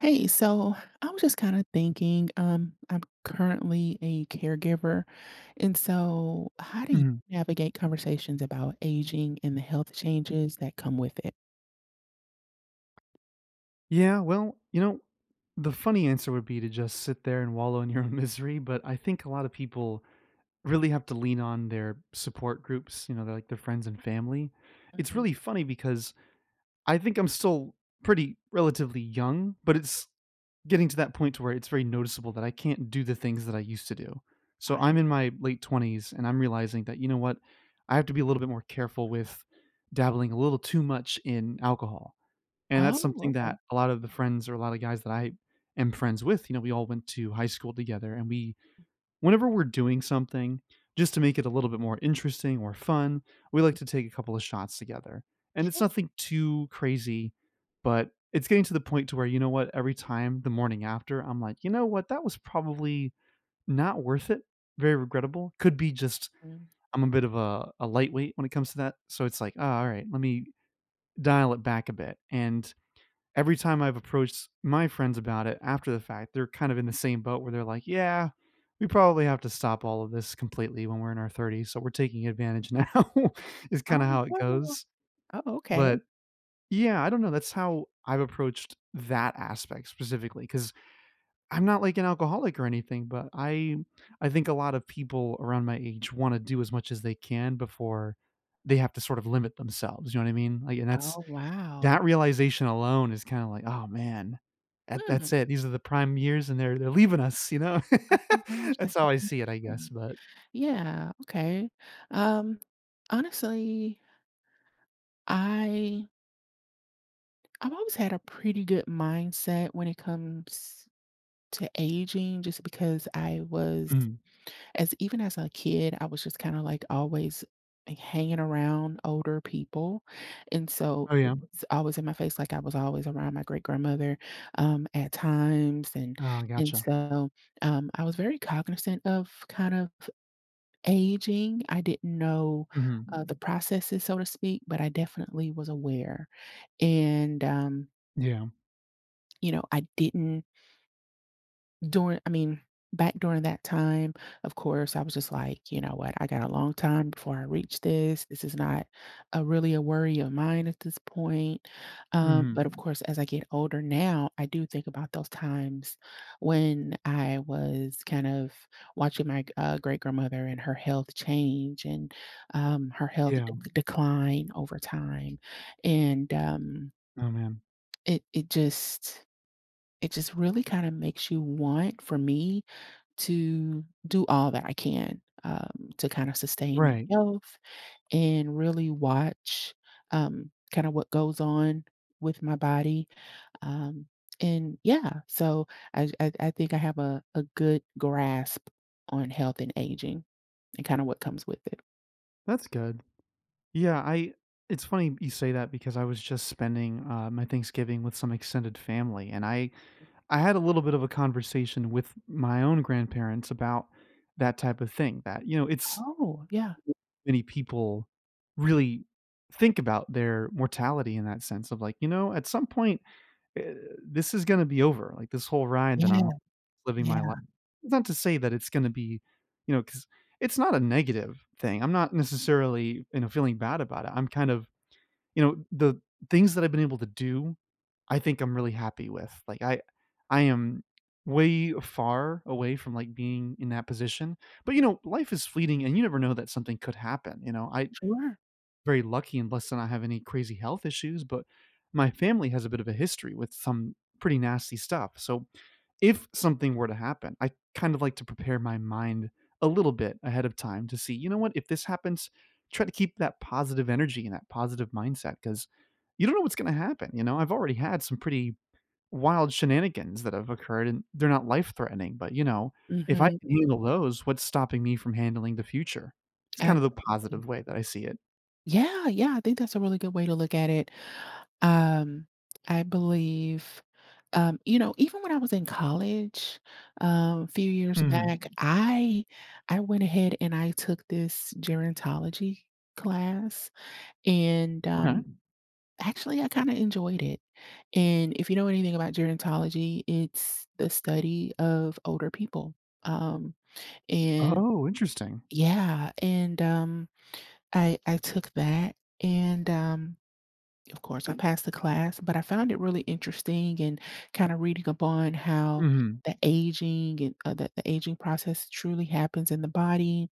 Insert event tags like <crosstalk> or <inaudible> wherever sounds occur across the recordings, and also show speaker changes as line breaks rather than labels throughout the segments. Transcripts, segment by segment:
Hey, so, I was just kinda thinking, um, I'm currently a caregiver, and so, how do y
Mhm.
navigate conversations about aging and the health changes that come with it?
Yeah. Well, you know, the funny answer would be to just sit there and wallow in your misery, but I think a lotta people really have to lean on their support groups, you know, their, like, their friends and family. It's
Mhm.
really funny because I think I'm still pretty relatively young, but it's getting to that point to where it's very noticeable that I can't do the things that I used to do. So
I
I'm in my late 20s and I'm realizing that, you know what, I have to be a little bit more careful with dabbling a little too much in alcohol. And that's
Oh,
something
okay.
that a lot of the friends or a lotta guys that I am friends with, you know, we all went to high school together and we whenever we're doing something, just to make it a little bit more interesting or fun, we like to take a couple of shots together. And it's
Sure.
nothing too crazy, but it's getting to the point to where, you know what, every time the morning after, I'm like, "You know what, that was probably not worth it, very regrettable." Could be just
Mm.
I'm a bit of a a lightweight when it comes to that. So it's like, "Ah, alright, lemme dial it back a bit." And every time I've approached my friends about it after the fact, they're kind of in the same boat where they're like, "Yeah, we probably have to stop all of this completely when we're in our 30s, so, we're taking advantage now,” is kinda
Oh,
how it
<unintelligible>
goes
oh, okay.
but, yeah, I don't know, that's how I've approached that aspect specifically, 'cause I'm not like an alcoholic or anything, but I I think a lot of people around my age wanna do as much as they can before they have to sort of limit themselves, you know what I mean? Like, and that's
Oh, wow.
that realization alone is kinda like, "Oh, man, that that's
Hmm.
it, these are the prime years, and they're they're leaving us, you know?"
Oh my gosh,
<laughs>
that's
That's
so
how I see it, I guess,
interesting.
but
Yeah, okay, um, honestly I I've always had a pretty good mindset when it comes to aging just because I was
Mhm.
as even as a kid, I was just kinda, like, always, like, hanging around older people, and so
Oh
it
yeah.
was always in my face, like, I was always around my great-grandmother, um, at times, and
Oh,
and
gotcha.
so, um, I was very cognizant of kind of aging, I didn't know,
Mhm.
uh, the processes, so to speak, but I definitely was aware, and, um
Yeah.
you know, I didn't during I mean, back during that time, of course, I was just like, "You know what, I got a long time before I reach this, this is not a really a worry of mine at this point." Um,
Mhm.
but, of course, as I get older now, I do think about those times when I was kind of watching my g uh, great-grandmother and her health change and, um, her health de
Yeah.
d decline over time, and um
Oh man.
it it just it just really kinda makes you want, for me, to do all that I can, um, to kinda sustain
Right.
health and really watch, um, kinda what goes on with my body, um, and yeah, so, I j I I think I have a a good grasp on health and aging and kinda what comes with it.
That's good, yeah I it's funny you say that because I was just spending, uh, my Thanksgiving with some extended family, and I I had a little bit of a conversation with my own grandparents about that type of thing, that, you know, it's
Oh, yeah.
many people really think about their mortality in that sense of, like, "You know, at some point, eh this is gonna be over, like, this whole ride that
Yeah,
I'm on living my li"
yeah.
Not to say that it's gonna be you know, 'cause it's not a negative thing. I'm not necessarily, you know, feeling bad about it. I'm kind of you know, the things that I've been able to do, I think I'm really happy with, like, I I am way far away from, like, being in that position, but, you know, life is fleeting, and you never know that something could happen, you know, I
Sure.
very lucky and blessed to not have any crazy health issues, but my family has a bit of a history with some pretty nasty stuff, so if something were to happen, I'd kind of like to prepare my mind a little bit ahead of time to see, "You know what? If this happens, try to keep that positive energy and that positive mindset, 'cause you don't know what's gonna happen, you know?" I've already had some pretty wild shenanigans that have occurred, and they're not life threatening, but, you know, if I
Mhm.
can handle those, what's stopping me from handling the future? It's kind of the
Absolutely
positive way that I see it.
Yeah, yeah, I think that's a really good way to look at it. Um, I believe, um, you know, even when I was in college, uh, few years
Mm
back, I I went ahead and I took this gerontology class, and,
Okay.
um, actually, I kinda enjoyed it, and if you know anything about gerontology, it's the study of older people, um, and
Oh, interesting.
yeah, and, um, I I took that, and, um, of course, I passed the class, but I found it really interesting and kinda reading up on how
Mhm.
the aging and, uh, the the aging process truly happens in the body,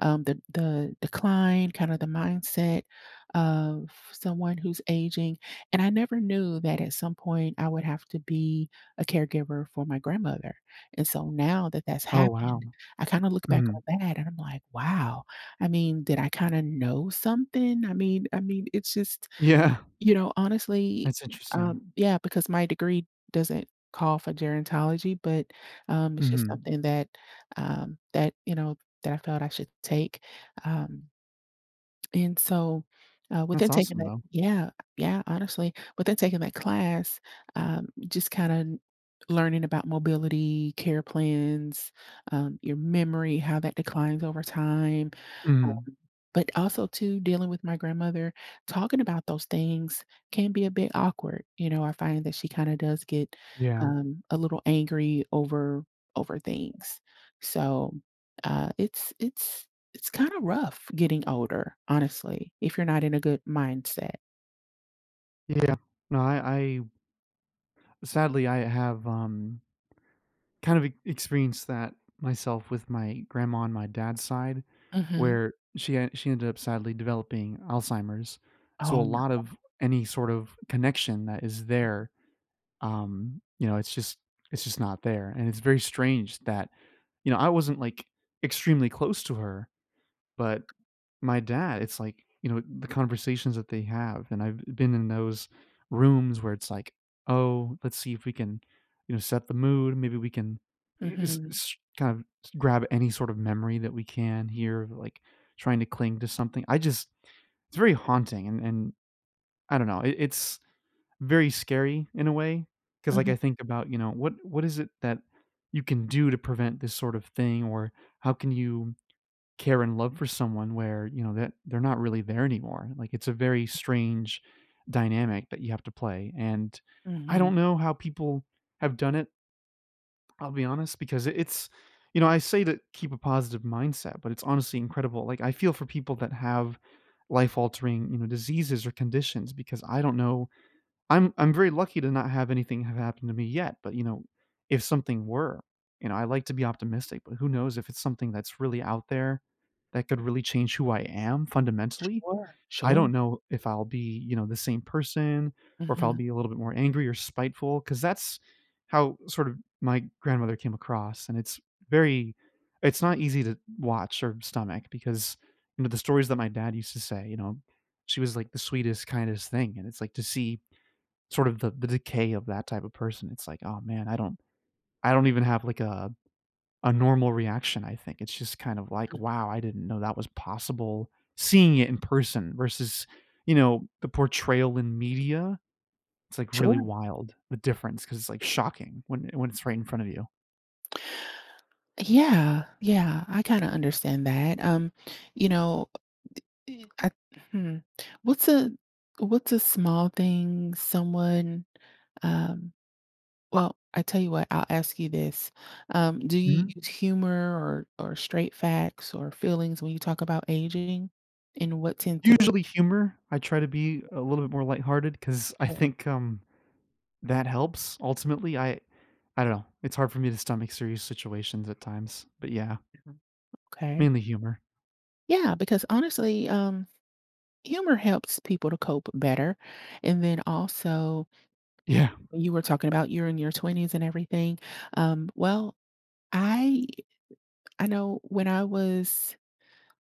um, the the decline, kinda the mindset of someone who's aging. And I never knew that at some point I would have to be a caregiver for my grandmother, and so now that that's
Oh, wow,
happened, I kinda look back
mhm.
on that, and I'm like, "Wow." I mean, did I kinda know something? I mean I mean, it's just
Yeah.
you know, honestly
That's interesting.
um, yeah, because my degree doesn't call for gerontology, but, um, it's just
Mhm.
something that um, that, you know, that I thought I should take, um And so, uh, within
That's
taking
awesome
that
though.
yeah, yeah, honestly. Within taking that class, uh, just kinda learning about mobility, care plans, uh, your memory, how that declines over time, uh
Mm.
but also, too, dealing with my grandmother, talking about those things can be a bit awkward, you know, I find that she kinda does get,
Yeah.
um, a little angry over over things. So, uh, it's it's it's kinda rough getting older, honestly, if you're not in a good mindset.
Yeah. No, I I sadly, I have, um kind of e experienced that myself with my grandma on my dad's side,
Mhm.
where she e she ended up sadly developing Alzheimer's. So
Oh,
a lot
no.
of any sort of connection that is there, um, you know, it's just it's just not there. And it's very strange that you know, I wasn't, like, extremely close to her, but, my dad it's like, you know, the conversations that they have, and I've been in those rooms where it's like, "Oh, let's see if we can, you know, set the mood. Maybe we can eh s
Mhm.
s kind of grab any sort of memory that we can hear," like, trying to cling to something. I just it's very haunting, and and I don't know. I it's very scary in a way 'cause, like, I
Mhm.
think about, you know, what what is it that you can do to prevent this sort of thing, or how can you care and love for someone where, you know, that they're not really there anymore? Like, it's a very strange dynamic that you have to play, and I
Mhm.
don't know how people have done it. I'll be honest because i it's you know, I say to keep a positive mindset, but it's honestly incredible. Like, I feel for people that have life-altering, you know, diseases or conditions because I don't know I'm I'm very lucky to not have anything have happened to me yet, but, you know, if something were, you know, I like to be optimistic. But who knows if it's something that's really out there that could really change who I am fundamentally.
Sure.
I
Sure.
don't know if I'll be, you know, the same person or if I'll
Mhm.
be a little bit more angry or spiteful 'cause that's how, sort of, my grandmother came across, and it's very it's not easy to watch or stomach because, me the stories that my dad used to say, you know, she was, like, "the sweetest, kindest thing," and it's like, to see, sort of, the the decay of that type of person. It's, like, "Oh, man." I don't I don't even have, like, a a normal reaction, I think. It's just kind of, like,
Mm.
"Wow. I didn't know that was possible," seeing it in person versus, you know, the portrayal in media, it's, like, really
Sure.
wild, the difference, 'cause it's, like, shocking when when it's right in front of you.
Yeah. Yeah. I kinda understand that. Um, you know, uh uh e uh hmm what's a what's a small thing someone, um Well, I tell you what. I'll ask you this. Um, do you
Mhm.
use humor or or straight facts or feelings when you talk about aging? And what tend to work?
Usually, humor. I try to be a little bit more lighthearted 'cause I
Sure.
think, um, that helps ultimately. I I don't know. It's hard for me to stomach serious situations at times. But, yeah
Uh-huh, okay.
mainly humor.
Yeah, because, honestly, um, humor helps people to cope better, and then, also
Yeah.
…you were talking about you were in your 20s and everything, um, well, I I know when I was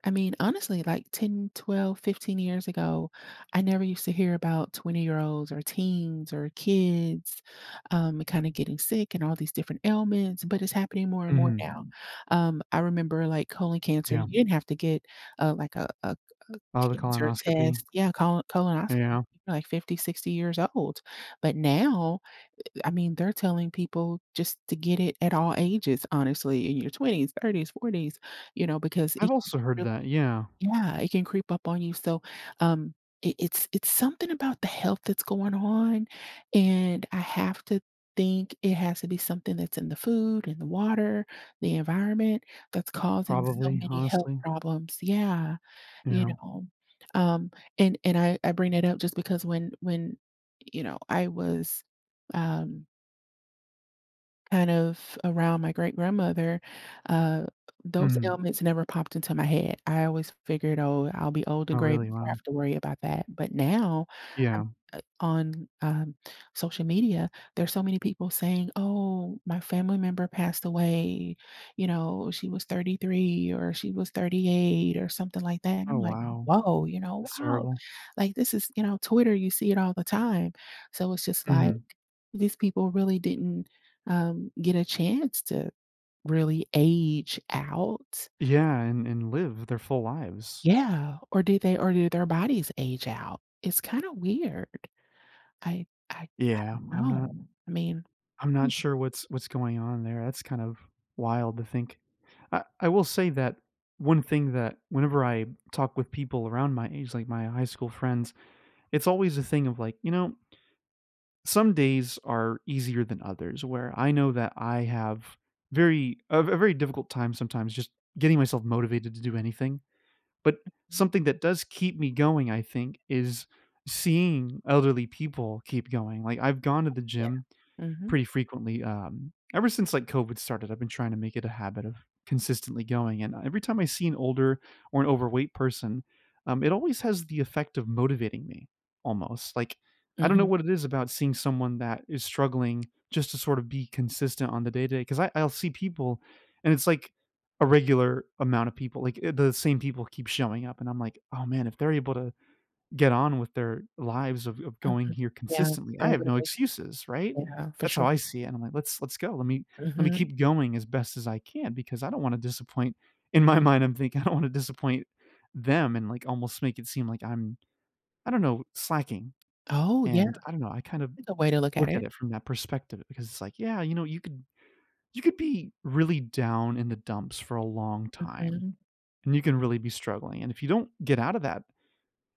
I mean, honestly, like, 10, 12, 15 years ago, I never used to hear about twenty-year-olds or teens or kids, um, kinda getting sick and all these different ailments, but it's happening more and more
Mhm.
now. Um, I remember, like, colon cancer,
Yeah.
you didn't have to get, uh, like, a a a
Oh, the
cancer test.
colonoscopy.
Yeah, colon colonoscopy
Yeah.
<unintelligible> like, 50, 60 years old. But now, eh I mean, they're telling people just to get it at all ages, honestly, in your 20s, 30s, 40s, you know, because it
I've also heard
really
that, yeah.
Yeah, it can creep up on you, so, um, it it's it's something about the health that's going on, and I have to think it has to be something that's in the food, in the water, the environment that's causing so
Probably,
many health
honestly.
problems. Yeah. You
Yeah.
know? Um, and and I I bring it up just because when when, you know, I was, um kind of around my great-grandmother, uh, those
Mhm.
ailments never popped into my head. I always figured, "Oh, I'll be old
Oh,
and gray
really?
before I
Wow.
have to worry about that." But now, a
Yeah.
uh, on, um, social media, there's so many people saying, "Oh, my family member passed away," you know, "she was 33," or "she was 38," or something like that, and I'm
Oh,
like,
wow.
"Whoa," you know,
That's
"wow!"
terrible.
Like, this is, you know, on Twitter, you see it all the time. So it's just like,
Mhm.
these people really didn't, um, get a chance to really age out.
Yeah, and and live their full lives.
Yeah. Or did they or did their bodies age out? It's kinda weird. I I I
Yeah.
don't
I'm not
know. I mean
I'm not sure what's what's going on there. That's kind of wild to think. I I will say that one thing that whenever I talk with people around my age, like my high school friends, it's always a thing of, like, you know some days are easier than others where I know that I have very a ve very difficult time sometimes just getting myself motivated to do anything, but
Mhm.
something that does keep me going, I think, is seeing elderly people keep going. Like, I've gone to the
Yeah,
gym
mhm.
pretty frequently, um, ever since, like, COVID started, I've been trying to make it a habit of consistently going, and, uh, every time I see an older or an overweight person, um, it always has the effect of motivating me almost. Like, I don't know
Mhm.
what it is about seeing someone that is struggling just to sort of be consistent on the day-to-day. 'Cause I I'll see people, and it's like a regular amount of people, like, i the same people keep showing up, and I'm like, "Oh, man. If they're able to get on with their lives of of going
Mhm,
here
yeah.
consistently, I have no
<unintelligible>
excuses," right?
Yeah, for
That's how
sure.
I see it and I'm like, "Let's let's go. Let me let me
Mhm.
keep going as best as I can because I don't wanna disappoint," in my mind, I'm thinking, "I don't wanna disappoint them," and, like, almost make it seem like I'm I don't know, slacking,
Oh, yeah.
and I don't know, I kind of
That's a way to look at
look at
it.
it from that perspective because it's like, "Yeah, you know, you could you could be really down in the dumps for a long time
Mhm.
and you can really be struggling and if you don't get out of that,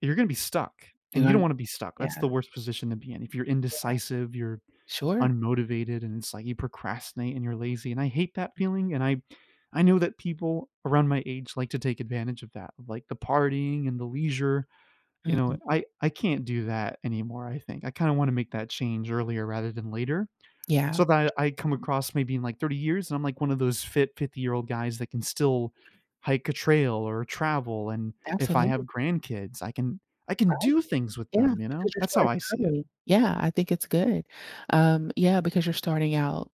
you're gonna be stuck," and you don't
<unintelligible>
wanna be stuck. That's the
Yeah.
worst position to be in. If you're
Yeah.
indecisive, you're
Sure.
unmotivated, and it's like you procrastinate, and you're lazy and I hate that feeling, and I I know that people around my age like to take advantage of that, like the partying and the leisure, you know?
Mhm.
I I can't do that anymore, I think. I kinda wanna make that change earlier rather than later,
Yeah.
so that I come across maybe in, like, 30 years, and I'm like one of those fit 50-year-old guys that can still hike a trail or travel, and if I have
Absolutely.
grandkids, I can I can
Right?
do things with
Yeah,
them, you know?
because you're
That's how
starting
I see it.
early. Yeah, I think it's good. Um, yeah, because you're starting out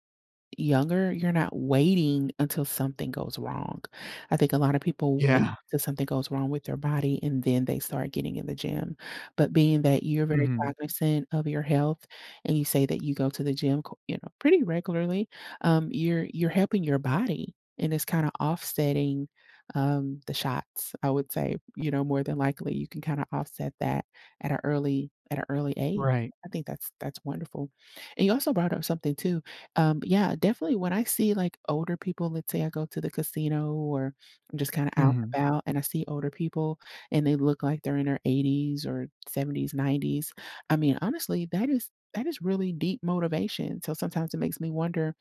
younger, you're not waiting until something goes wrong. I think a lot of people wait
Yeah.
till something goes wrong with their body, and then they start getting in the gym. But being that you're very
Mhm.
cognizant of your health and you say that you go to the gym, co you know, pretty regularly, um, you're you're helping your body, and it's kinda offsetting, um, the shots, I would say. You know, more than likely, you can kinda offset that at a early at a early age.
Right.
I think that's that's wonderful. And you also brought up something too. Um, yeah, definitely, when I see, like, older people, let's say I go to the casino or just kinda out
Mhm.
and about, and I see older people and they look like they're in their 80s or 70s, 90s, I mean, honestly, that is that is really deep motivation. So sometimes it makes me wonder,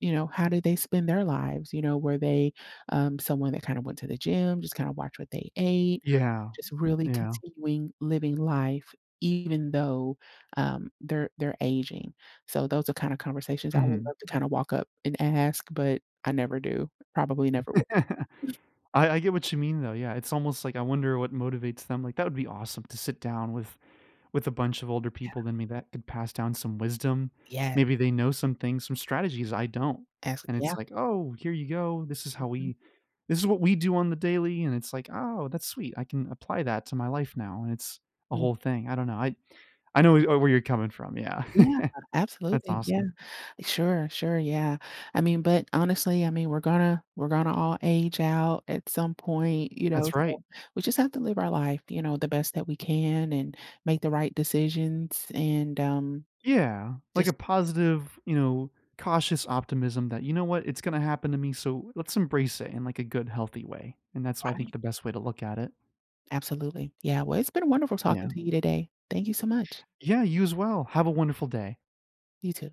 you know, how did they spend their lives? You know, were they, um, someone that kinda went to the gym, just kinda watch what they ate,
Yeah.
just really
Yeah.
continuing living life even though, um, they're they're aging. So those are kinda conversations I would
Mhm.
love to kinda walk up and ask, but I never do. Probably never would.
<chuckles>
<chuckles>
I I get what you mean, though, yeah, it's almost like I wonder what motivates them, like, that would be awesome to sit down with with a bunch of older
Yeah.
people than me that could pass down some wisdom.
Yeah.
Maybe they know some things, some strategies I don't
That's
and it's
yeah.
like, "Oh, here you go. This is how
Mhm.
we this is what we do on the daily," and it's like, "Oh, that's sweet, I can apply that to my life now," and it's a
Hmm.
whole thing. I don't know. I I know w uh, where you're coming from, yeah.
Yeah,
<chuckles> That's
absolutely, yeah.
awesome.
Sure, sure, yeah. I mean, but, honestly, I mean, we're gonna we're gonna all age out at some point, you know,
That's right.
so we just have to live our life, you know, the best that we can and make the right decisions, and, um,
Yeah. Like a
just
positive, you know, cautious optimism that, "You know what? It's gonna happen to me, so let's embrace it in, like, a good healthy way," and that's why I
Right.
think the best way to look at it.
Absolutely. Yeah, well, it's been wonderful talking
Yeah.
to you today. Thank you so much.
Yeah, you as well. Have a wonderful day.
You too.